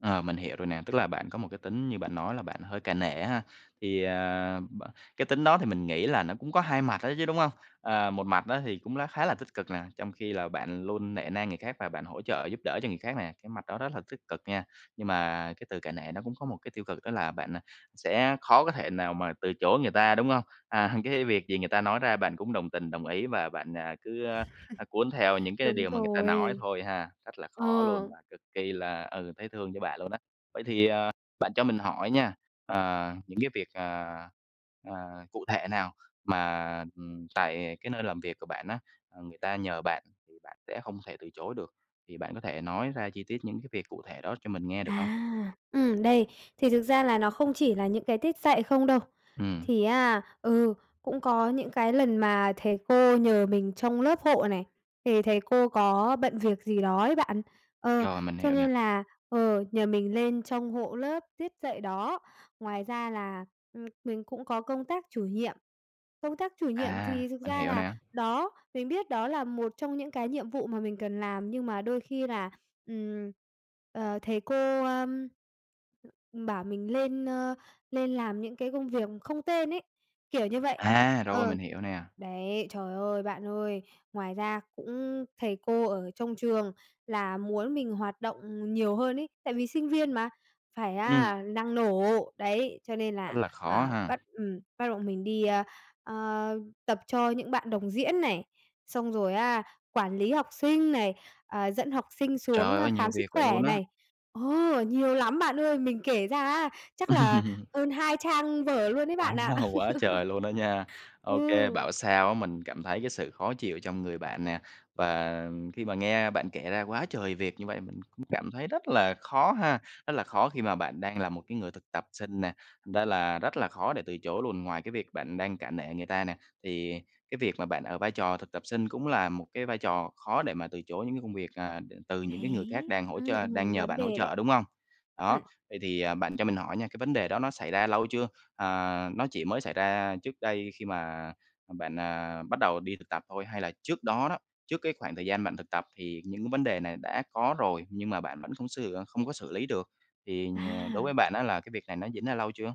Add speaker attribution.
Speaker 1: Ờ, mình hiểu rồi nè, tức là bạn có một cái tính như bạn nói là bạn hơi cả nể ha? Thì, à, b cái tính đó thì mình nghĩ là nó cũng có hai mặt đó chứ, đúng hông? Ờ, một mặt á thì cũng lá khá là tích cực nè, trong khi là bạn luôn nể nang người khác và bạn hỗ trợ giúp đỡ cho người khác nè, cái mặt đó rất là tích cực nha. Nhưng mà cái từ cả nể nó cũng có một cái tiêu cực đó là bạn, a, sẽ khó có thể nào mà từ chối người ta, đúng hông? À, cái việc gì người ta nói ra bạn cũng đồng tình, đồng ý và bạn, à, cứ cuốn theo những cái
Speaker 2: Đúng
Speaker 1: điều mà người ta nói
Speaker 2: rồi.
Speaker 1: thôi ha, rất là khó
Speaker 2: Ờ.
Speaker 1: luôn và cực kỳ là, ừ, thấy thương cho bạn luôn á. Vậy thì, ờ, bạn cho mình hỏi nha, ờ, những cái việc, ờ, ờ, cụ thể nào mà, ừm, tại cái nơi làm việc của bạn á, ừm, người ta nhờ bạn thì bạn sẽ không thể từ chối được, thì bạn có thể nói ra chi tiết những cái việc cụ thể đó cho mình nghe được hông?
Speaker 2: À, ừm, đây, thì thực ra là nó không chỉ là những cái tiết dạy không đâu.
Speaker 1: Ừm.
Speaker 2: Thì á, ừ, cũng có những cái lần mà thầy cô nhờ mình trông lớp hộ này, thì thầy cô có bận việc gì đó ấy bạn. Ờ,
Speaker 1: Rồi, mình
Speaker 2: cho
Speaker 1: hiểu nè.
Speaker 2: nên là, ờ, nhờ mình lên trông hộ lớp tiết dạy đó, ngoài ra là, ừm, mình cũng có công tác chủ nhiệm. Công tác chủ nhiệm
Speaker 1: À,
Speaker 2: thì thực
Speaker 1: mình
Speaker 2: ra
Speaker 1: hiểu
Speaker 2: là
Speaker 1: nè.
Speaker 2: đó mình biết đó là một trong những cái nhiệm vụ mà mình cần làm nhưng mà đôi khi là, ừm, ờ, thầy cô, ơ, bảo mình lên, ơ, lên làm những cái công việc không tên ấy, kiểu như vậy.
Speaker 1: À, rồi,
Speaker 2: Ờ,
Speaker 1: mình hiểu nè.
Speaker 2: đấy, trời ơi, bạn ơi, ngoài ra cũng thầy cô ở trong trường là muốn mình hoạt động nhiều hơn ấy, tại vì sinh viên mà phải
Speaker 1: Ừm.
Speaker 2: á năng nổ, đấy, cho nên
Speaker 1: Rất
Speaker 2: là,
Speaker 1: là khó
Speaker 2: à,
Speaker 1: ha.
Speaker 2: bắt ừm, bắt bọn mình đi, ờ, ờ, tập cho những bạn đồng diễn này, xong rồi á, quản lý học sinh này, à, dẫn học sinh xuống
Speaker 1: Trời ơi, nhiều
Speaker 2: khám sức
Speaker 1: việc vậy
Speaker 2: khỏe
Speaker 1: luôn á.
Speaker 2: này. Ờ, nhiều lắm bạn ơi, mình kể ra á, chắc là hơn hai trang vở luôn đấy bạn ạ.
Speaker 1: Wow, quá trời luôn đó nha. Ô kê,
Speaker 2: Ừ.
Speaker 1: bảo sao á mình cảm thấy cái sự khó chịu trong người bạn nè, và khi mà nghe bạn kể ra quá trời việc như vậy mình cũng cảm thấy rất là khó ha, rất là khó khi mà bạn đang là một cái người thực tập sinh nè, ra là rất là khó để từ chối luôn. Ngoài cái việc bạn đang cả nể người ta nè, thì cái việc mà bạn ở vai trò thực tập sinh cũng là một cái vai trò khó để mà từ chối những cái công việc, à, từ những cái người khác
Speaker 2: Đấy,
Speaker 1: đang hỗ
Speaker 2: ưm,
Speaker 1: trợ đang
Speaker 2: ừm,
Speaker 1: nhờ
Speaker 2: vấn
Speaker 1: bạn hỗ
Speaker 2: đề đấy.
Speaker 1: trợ, đúng hông? Đó,
Speaker 2: Ừm.
Speaker 1: vậy thì, à, bạn cho mình hỏi nha, cái vấn đề đó nó xảy ra lâu chưa, à, nó chỉ mới xảy ra trước đây khi mà bạn, à, bắt đầu đi thực tập thôi hay là trước đó đó trước cái khoảng thời gian bạn thực tập, thì những cái vấn đề này đã có rồi nhưng mà bạn vẫn không sửa không có xử lý được, thì nh đối với
Speaker 2: À.
Speaker 1: bạn á là cái việc này nó diễn ra lâu chưa?